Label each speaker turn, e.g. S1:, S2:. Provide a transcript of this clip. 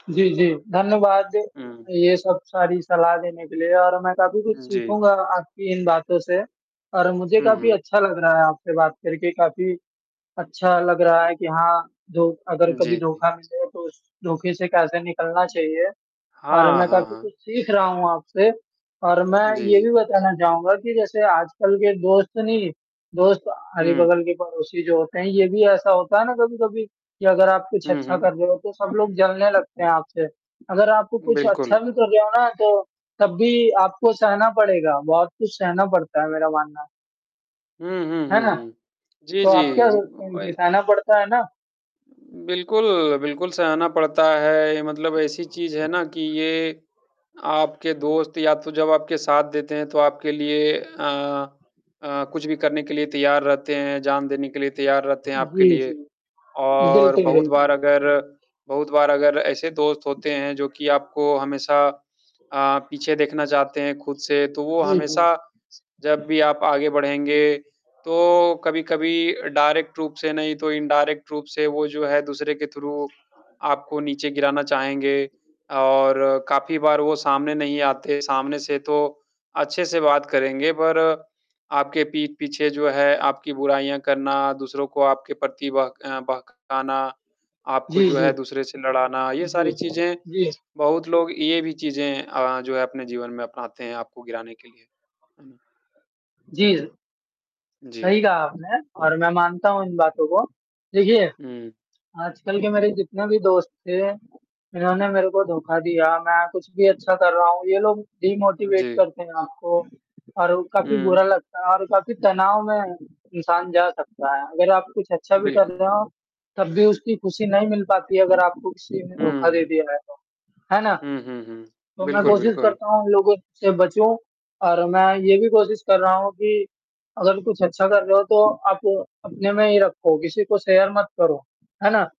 S1: जी, जी धन्यवाद जी।
S2: हुँ।
S1: ये सब सारी सलाह देने के लिए और मैं काफ़ी कुछ
S2: उम, जी।
S1: सीखूँगा आपकी इन बातों से और मुझे
S2: हुँ,
S1: काफ़ी
S2: हुँ।
S1: अच्छा लग रहा है आपसे बात करके काफ़ी अच्छा लग रहा है कि हाँ जो अगर कभी
S2: जी, जी।
S1: धोखा मिले, तो उस धोखे से कैसे निकलना चाहिए और
S2: हाँ,
S1: मैं
S2: हाँ,
S1: काफ़ी कुछ
S2: हाँ।
S1: सीख रहा हूँ आपसे और मैं
S2: जी,
S1: ये भी
S2: जी।
S1: बताना चाहूँगा कि जैसे आजकल के दोस्त नहीं, दोस्त
S2: हुँ।
S1: अगल-बगल के पड़ोसी जो होते हैं, ये भी ऐसा होता है ना कभी-कभी कि अगर आप कुछ
S2: हुँ,
S1: अच्छा
S2: हुँ।
S1: कर रहे हो, तो सब लोग जलने लगते हैं आपसे। अगर आपको कुछ अच्छा
S2: बिल्कुल।
S1: भी कर रहे हो ना, तो तब भी आपको सहना पड़ेगा। बहुत कुछ सहना पड़ता है मेरा मानना है।
S2: हुँ, हुँ,
S1: है
S2: हुँ,
S1: ना?
S2: हुँ, जी,
S1: तो आप
S2: जी।
S1: क्या सोचते हैं कि
S2: ब
S1: सहना पड़ता है ना?
S2: बिल्कुल, बिल्कुल सहना पड़ता है। मतलब ऐसी चीज़ है ना कि ये आपके दोस्त या तो जब आपके साथ देते हैं, तो आपके लिए अ अ, कुछ भी करने के लिए तैयार रहते हैं, जान देने के लिए तैयार रहते हैं आपके
S1: जी,
S2: लिए।
S1: जी।
S2: और
S1: बिल्कुल,
S2: बहुत
S1: बिल्कुल।
S2: बार अगर बहुत बार अगर ऐसे दोस्त होते हैं जो कि आपको हमेशा अ, पीछे देखना चाहते हैं खुद से, तो वो
S1: जी,
S2: हमेशा
S1: जी।
S2: जब भी आप आगे बढ़ेंगे, तो कभी कभी डायरेक्ट रूप से नहीं, तो इनडायरेक्ट रूप से वो जो है, दूसरे के थ्रू आपको नीचे गिराना चाहेंगे और काफ़ी बार वो सामने नहीं आते। सामने से तो अच्छे से बात करेंगे पर आपके पीठ पीछे जो है, आपकी बुराइयाँ करना, दूसरों को आपके प्रति बह बहकाना,
S1: जी,
S2: आपको जो
S1: जी।
S2: है दूसरे से लड़ाना, ये
S1: जी,
S2: सारी चीज़ें
S1: जी।
S2: बहुत लोग ये भी चीज़ें अ, जो है अपने जीवन में अपनाते हैं, आपको गिराने के लिए। हुँ।
S1: जी। सही
S2: जी।
S1: कहा आपने और मैं मानता हूँ इन बातों को। देखिए,
S2: हुँ।
S1: आजकल के मेरे जितने भी दोस्त थे, उन्होंने मेरे को धोखा दिया। मैं कुछ भी अच्छा कर रहा हूँ। ये लोग डिमोटिवेट
S2: जी।
S1: करते हैं आपको और वो काफ़ी बुरा
S2: हुँ।
S1: लगता है और काफ़ी तनाव में इंसान जा सकता है। अगर आप कुछ अच्छा भी कर
S2: बिल्कुल।
S1: रहे हो, तब भी उसकी खुशी नहीं मिल पाती है अगर आपको किसी ने
S2: हुँ,
S1: धोखा दे
S2: हुँ।
S1: दिया है तो, है ना?
S2: हुँ, हुँ, हुँ।
S1: तो मैं
S2: बिल्कुल,
S1: कोशिश
S2: बिल्कुल।
S1: करता हूँ उन लोगों से बचूँ और मैं ये भी कोशिश कर रहा हूँ कि अगर कुछ अच्छा कर रहे हो तो आप अपने में ही रखो। किसी को शेयर मत करो। है ना।